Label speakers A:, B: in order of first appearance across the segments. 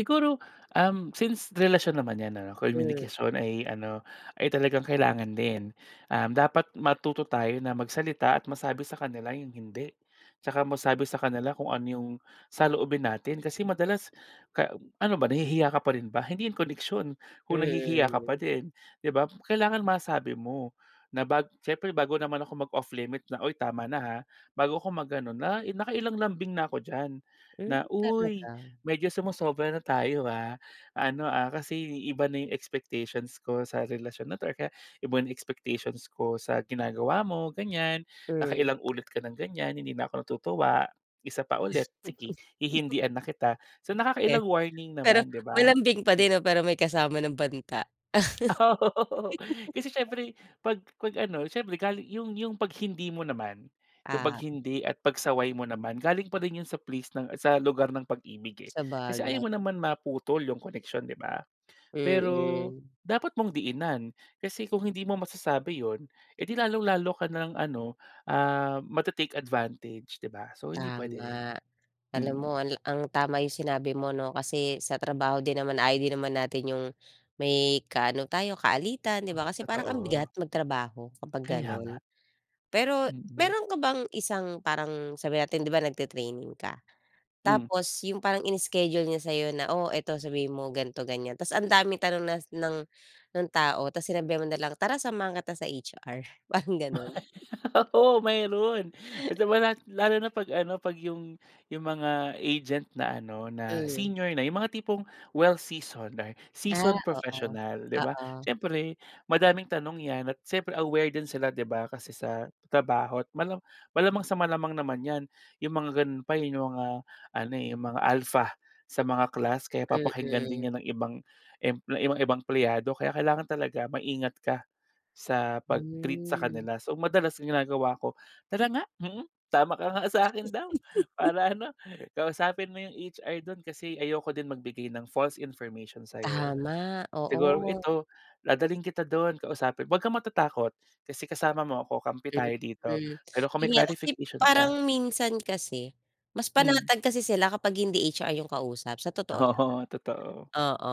A: Siguro, uhm, since relasyon naman 'yan, ano,
B: Hmm.
A: communication ay ano, ay talagang kailangan din. Um, dapat matuto tayo na magsalita at masabi sa kanila 'yung hindi. Tsaka masabi sa kanila kung ano 'yung saloobin natin, kasi madalas ka ano ba, nahihiya ka pa rin ba? Hindi 'yung koneksyon, kung nahihiya ka pa
B: Mm.
A: din, di ba? Kailangan masabi mo na, bag siyempre, bago naman ako mag-off limit na, "Uy, tama na, ha?" Bago ako mag-ano na, eh, nakailang lambing na ako diyan.
B: Hmm,
A: Na, "Uy,
B: talaga?
A: medyo sumosobra na tayo, ah, ano, ah, kasi iba na 'yung expectations ko sa relasyon na 'to or kaya, iba 'yung expectations ko sa ginagawa mo, ganiyan.
B: Hmm.
A: Nakailang ulit ka nang ganiyan. Hindi na ako tutuwa. Isa pa
B: Diyos
A: ulit,
B: ko.
A: sige, hihindian na kita." So
B: Eh.
A: nakakailang warning
B: Pero
A: naman, di ba?
B: malambing pa din, 'no, pero may kasama ng banta.
A: Oh, oho, oo. Kasi, siyempre, pag pag ano siyempre, gali 'yung 'yung pag hindi mo naman. 'Yung pag
B: Ah.
A: hindi at pagsaway mo naman, galing pa rin ’yon sa place ng sa lugar ng pag-ibig, eh. Kasi
B: Sabagay.
A: ayaw mo naman maputol 'yung koneksyon, di ba? Pero
B: Mm.
A: dapat mong diinan, kasi kung hindi mo masasabi ’yon, eh, di lalong-lalo ka na lang ano, ah, ma-te-take advantage, di ba? So hindi puwede rin,
B: Tama. Alam
A: mm.
B: mo, al ang tama 'yung sinabi mo, 'no. Kasi sa trabaho din naman, ayaw din naman natin 'yung may kaano tayo kaalitan, di ba, kasi parang ang bigat
A: Totoo.
B: magtrabaho kapag
A: Kaya nga,
B: gano'n. Pero
A: mm.
B: meron ka bang isang, parang sabihin natin di ba, nagti-training ka,
A: Hmm.
B: tapos 'yung parang ini-schedule niya sa'yo na, "Oh, ito, sabihin mo ganito, ganiyan," tas ang daming tanong nas ng ng tao, tapos sinabihan mo na lang, "Tara, samahan kita sa HR," parang gano'n.
A: Oo, meron, basta manat lalo na pag ano, pag 'yung 'yung mga agent na ano na
B: Hmm.
A: senior na, 'yung mga tipong well-seasoned na
B: Ah,
A: seasoned
B: oo.
A: professional, di ba,
B: Oo.
A: siyempre, madaming tanong 'yan at siyempre aware din sila, di ba, kasi sa trabaho. Malam malamang sa malamang naman ’yan ’yung mga gano’n pa, eh, ’yung mga ano, eh, ’yung mga alpha sa mga class. Kaya papakinggan
B: Mm.
A: din ’yun ng ibang emple 'yung mga ibang empleyado. Kaya kailangan talaga maingat ka sa pag-treat sa
B: Hmm.
A: kanila. So madalas ginagawa ko, "Tara nga, mhm, tama ka nga, sa akin daw, para ano, kausapin mo yung HR dun. Kasi ayoko din magbigay ng false information sa'yo.
B: Tama,
A: Siguro
B: oo.
A: ito, dadalhin kita don kausapin huwag kang matatakot, kasi kasama mo ako, kampi tayo dito.
B: Mhm,
A: Pero kung may
B: 'yun nga, okey,
A: clarification
B: parang
A: ka"
B: minsan kasi mas
A: Hmm.
B: panatag kasi sila kapag hindi HR 'yung kausap, sa totoo lang.
A: Oo, totoo.
B: Oo,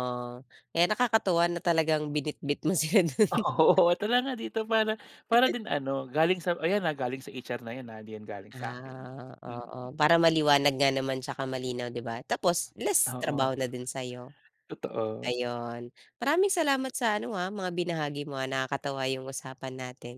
B: kaya nakakatuwa na talagang binitbit mo sila do'n.
A: Oo. "Tara nga dito, para para din ano, galing sa ayan ah, galing sa HR na 'yan ah, hindi 'yan galing sa'kin."
B: Ah,
A: Mm.
B: oo, para maliwanag nga naman tsaka malinaw, di ba, tapos less trabaho
A: Oo,
B: na din sa'yo.
A: totoo.
B: Ayun, maraming salamat sa ano, ah, mga binahagi mo, ah. Nakakatawa 'yung usapan natin.